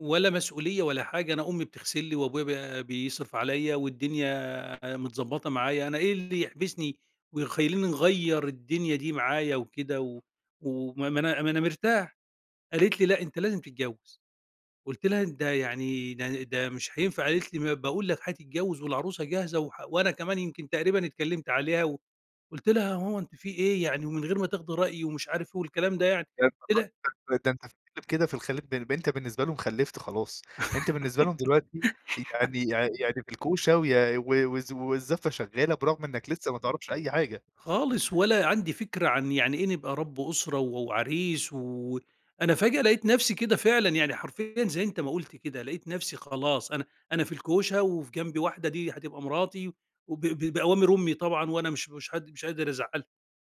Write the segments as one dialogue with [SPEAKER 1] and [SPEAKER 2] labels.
[SPEAKER 1] ولا مسؤولية ولا حاجة. أنا أمي بتغسل لي وأبويا ب بيصرف عليّا والدنيا ع متضبّطة معايا، أنا إيه اللي يحبسني ويخلّيني نغيّر الدنيا دي معايا وكده و و ما أنا ما أنا مرتاح. قالت لي: "لأ أنت لازم تتجوّز." قُلت لها: "ده يعني ده ده مش هينفع." قالت لي: "ما باقول لك هتتجوّز والعروسة جاهزة و وأنا كمان يمكن تقريبًا اتكلّمت عليها و" قُلت لها: "يا ماما أنتِ في إيه؟ يعني ومن غير ما تاخدي رأيي،" ومش عارف إيه والكلام ده يعني." قُلت لها
[SPEAKER 2] [unintelligible] ده أنت ف أنت كده في الخليج بن أنت بالنسبة لهم خلّفت خلاص، أنت بالنسبة لهم دلوقتي يعني يع يعني في الكوشة ويا و والز والزفة شغّالة برغم إنّك لسّه ما تعرفش أي حاجة.
[SPEAKER 1] خالص. ولا عندي فكرة عن يعني إيه نبقى رب أسرة و وعريس و أنا فجأة لقيت نفسي كده فعلًا يعني حرفيًا- زي أنت ما قُلت كده- لقيت نفسي خلاص، أنا أنا في الكوشة وفي جنبي واحدة دي هتبقى مراتي وب ب بأوامر أمي طبعًا وأنا مش مش هد مش قادر أزعّلها.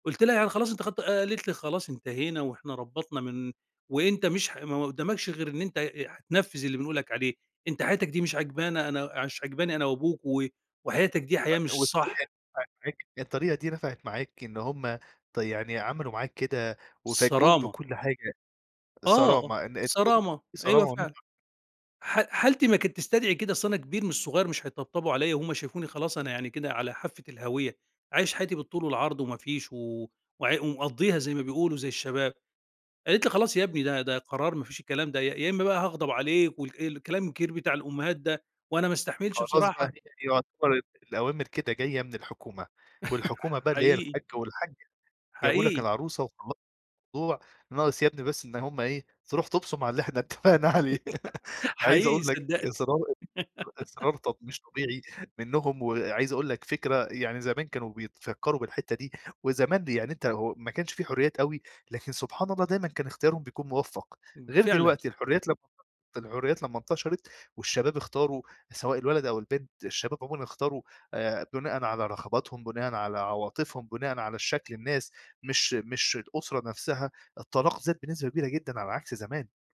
[SPEAKER 1] قُلت لها: "يعني خلاص أنتِ خدتِ" قالت لي: "خلاص انتهينا وإحنا ربّطنا من وأنت مش ح ما قُدّامكش غير إن أنت أ هتنفِّذ اللي بنقول لك عليه، أنت حياتك دي مش عاجبانا، أنا ع مش عاجباني أنا وأبوك و وحياتك دي
[SPEAKER 2] و
[SPEAKER 1] حياة مش
[SPEAKER 2] والطريقة دي
[SPEAKER 1] صح."
[SPEAKER 2] نفعت معاك؟ الطريقة دي نفعت معاك إن هم ط يعني عملوا معاك كده وفاجئوك
[SPEAKER 1] الصرامة.
[SPEAKER 2] بكل حاجة
[SPEAKER 1] آه.
[SPEAKER 2] صرامة. إن الضغوطات
[SPEAKER 1] صرامة،
[SPEAKER 2] في
[SPEAKER 1] أيوه
[SPEAKER 2] صرامة
[SPEAKER 1] فعلًا.
[SPEAKER 2] [unintelligible]
[SPEAKER 1] ح حالتي ما كانت تستدعي كده، أصل أنا كبير مش صغير مش هيتطبطبوا عليّا وهُم شافوني خلاص أنا يعني كده على حافة الهاوية، عايش حياتي بالطول والعرض وما فيش و وع ومقضّيها زي ما بيقولوا زي الشباب. قالت لي: "خلاص يا ابني ده ده قرار ما فيش الكلام ده، يا يا إمّا بقى هاغضب عليك،" والك الكلام الكبير بتاع الأُمّهات ده، وأنا ما أستحملش
[SPEAKER 2] خلاص بقى، هي
[SPEAKER 1] بصراحة.
[SPEAKER 2] دي يعتبر الأوامر كده جاية من الحكومة، والحكومة بقى اللي هي
[SPEAKER 1] حقيقي.
[SPEAKER 2] الحَاج وَالحَاجّة، جابوا لك
[SPEAKER 1] حقيقي.
[SPEAKER 2] العروسة وخلّص ضوع ناقص يا ابني بس إن هم إيه، تروح تُبصم على اللي إحنا اتفقنا عليه. عايز
[SPEAKER 1] حقيقة
[SPEAKER 2] أقول لك
[SPEAKER 1] صدّقني.
[SPEAKER 2] إصرار إصرار ط مش طبيعي منّهم وعايز أقول لك فكرة يعني زمان كانوا بيتفكّروا بالحتّة دي وزمان دي يعني أنت هو ما كانش في حُريّات أوي، لكن سبحان الله دايمًا كان اختيارهم بيكون مُوفّق،
[SPEAKER 1] إمم
[SPEAKER 2] غير
[SPEAKER 1] فعلًا.
[SPEAKER 2] دلوقتي الحريات لمّا الحريات لمّا انتشرت والشباب اختاروا سواء الولد أو البنت، الشباب عمومًا اختارو آآ، بُناءً على رغباتهم، بُناءً على عواطفهم، بُناءً على الشكل الناس مش مش الأسرة نفسها، الطلاق زاد بنسبة كبيرة جدًا على عكس زمان.